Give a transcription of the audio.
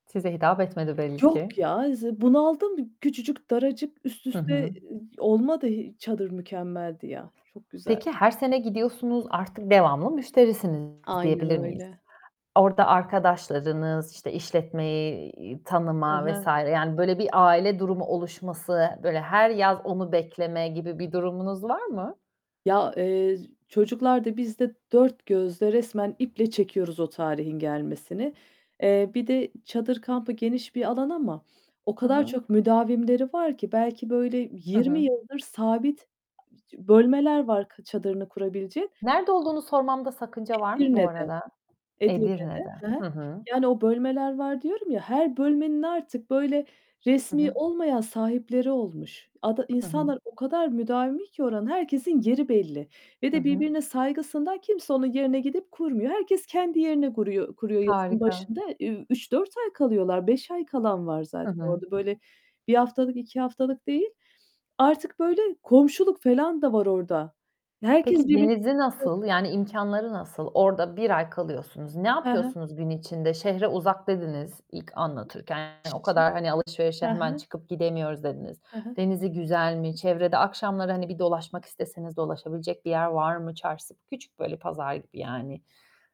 Size hitap etmedi belli Yok ki. ya, z bunaldım küçücük daracık üst Hı üste e hı. olmadı hiç. Çadır mükemmeldi ya. Çok güzel. Peki, her sene gidiyorsunuz, artık devamlı müşterisiniz, Aynen diyebilir miyiz? öyle. Orada arkadaşlarınız, işte, işletmeyi Hı tanıma vs. hı. yani böyle bir aile durumu oluşması, böyle her yaz onu bekleme gibi bir durumunuz var mı? Ya, eee, çocuklar da, biz de dört gözle resmen iple çekiyoruz o tarihin gelmesini. Eee, bir de çadır kampı geniş bir alan ama o Hı kadar hı. çok müdavimleri var ki belki böyle Hı 20 hı. yıldır sabit [unintelligible] bölmeler var kı çadırını kurabilecek. Nerede olduğunu sormamda sakınca var mı bu Edirne'de, arada? Edirne'de. Edirne'de. Hı hı. Hı hı. Yani o bölmeler var, diyorum ya. Her bölmenin artık böyle Hı resmî hı. olmayan sahipleri olmuş. Ada Hı hı. insanlar o kadar müdavimi ki oranın herkesin yeri belli ve Hı de hı. birbirine saygısından kimse onun yerine gidip kurmuyor. Herkes kendi yerine guruyor kuruyor yazın Harika. başında. Üüü, 3-4 ay kalıyorlar. 5 ay kalan var Hı zaten hı. orada. Böyle 1 haftalık 2 haftalık değil. Artık böyle komşuluk falan da var orada. Herkes Peki birbirine denizi [unintelligible] nasıl? Yani, imkânları nasıl? Orada 1 ay kalıyorsunuz. Ne He he. yapıyorsunuz gün içinde? Şehre uzak dediniz ilk anlatırken. O [unintelligible] He kadar, hani, alışverişe hemen he. çıkıp gidemiyoruz, dediniz. He he. Denizi güzel mi? Çevrede akşamları, hani, bir dolaşmak isteseniz, dolaşabilecek bir yer var mı? Çarşısı, küçük, böyle, pazar gibi yani...